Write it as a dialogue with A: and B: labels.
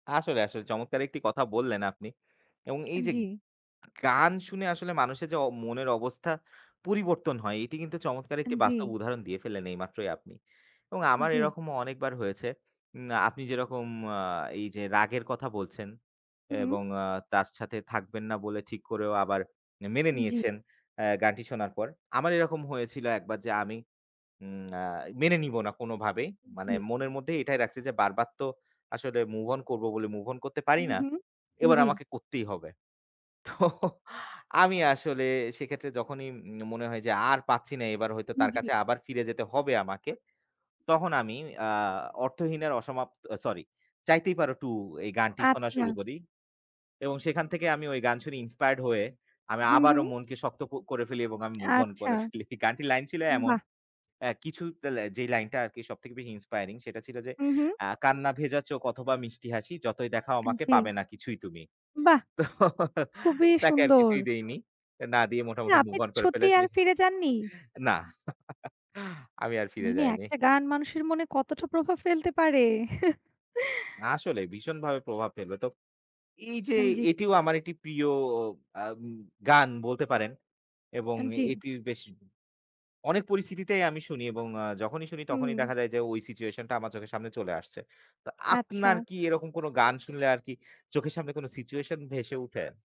A: আসলে, আসলে চমৎকার একটি কথা বললেন আপনি এবং এই যে,
B: জি।
A: গান শুনে আসলে মানুষের যে, অ মনের অবস্থা পরিবর্তন হয় এটি কিন্তু চমৎকার একটি বাস্তব
B: জি।
A: উদাহরণ দিয়ে ফেলেন এইমাত্রই আপনি এবং আমার
B: জি।
A: এরকমও অনেকবার হয়েছে। উম আপনি যেরকম আ এই যে, রাগের কথা বলছেন
B: হুম।
A: এবং আ তার সাথে থাকবেন না বলে ঠিক করেও আবার মেনে
B: জি।
A: নিয়েছেন অ্যা গানটি শোনার পর। আমার এরকম হয়েছিল একবার যে, আমি উম অ্যা মেনে নিবো না কোনভাবেই। মানে
B: জি।
A: মনের মধ্যে এটাই রাখছি যে, বারবার তো আসলে move on করব বলে move on করতে পারি
B: হুম,
A: না।
B: হুম,
A: এবার
B: জি।
A: আমাকে করতেই হবে। তো আমি আসলে সেক্ষেত্রে যখনই উম মনে হয় যে, আর পাচ্ছি না এবার হয়তো তার
B: জি।
A: কাছে আবার ফিরে যেতে হবে আমাকে। তখন আমি অ্যা অর্থহীন এর অসমাপ্ত sorry 'চাইতেই পারো টু' এই গানটি শোনা শুরু
B: আচ্ছা।
A: করি এবং সেখান থেকে আমি গান শুনি inspired হয়ে আমি
B: হুম,
A: আবারও
B: হুম।
A: মনকে শক্ত ক করে ফেলি এবং আমি move on
B: আচ্ছা।
A: করে ফেলি। গানটি লাইন ছিল এমন।
B: বাহ!
A: অ্যা কিছু তেলে যেই লাইনটা আরকি সবথেকে বেশি inspiring সেটা ছিল যে,
B: হুম, হুম।
A: ‘’অ্যা কান্না ভেজা চোখ অথবা মিষ্টি হাসি, যতই দেখাও
B: আন
A: আমাকে পাবে
B: জি।
A: না কিছুই তুমি।‘’
B: বাহ!
A: তো
B: খুবই
A: তাকে আর
B: সুন্দর।
A: কিছুই দেইনি। না দিয়ে মোটামুটি
B: আপনি
A: move on করে
B: সত্যিই
A: ফেলেছি।
B: আর ফিরে যাননি?
A: নাহ। আমি আর ফিরে
B: মানে
A: যাইনি।
B: একটা গান মানুষের মনে কতটা প্রভাব ফেলতে পারে।
A: আসলেই ভীষণ ভাবে প্রভাব ফেলবে। তো এই যে,
B: আন জি।
A: এটিও আমার একটি প্রিয় আ গান বলতে পারেন এবং
B: আন জি।
A: এটির বেশ অনেক পরিস্থিতিতেই আমি শুনি এবং আ যখনই শুনি তখনই
B: হুম।
A: দেখা যায় যে, ওই situation টা আমার চোখের সামনে চলে আসছে। তো আপনার
B: আচ্ছা।
A: কি এরকম কোন গান শুনলে আরকি চোখের সামনে কোন situation ভেসে উঠে?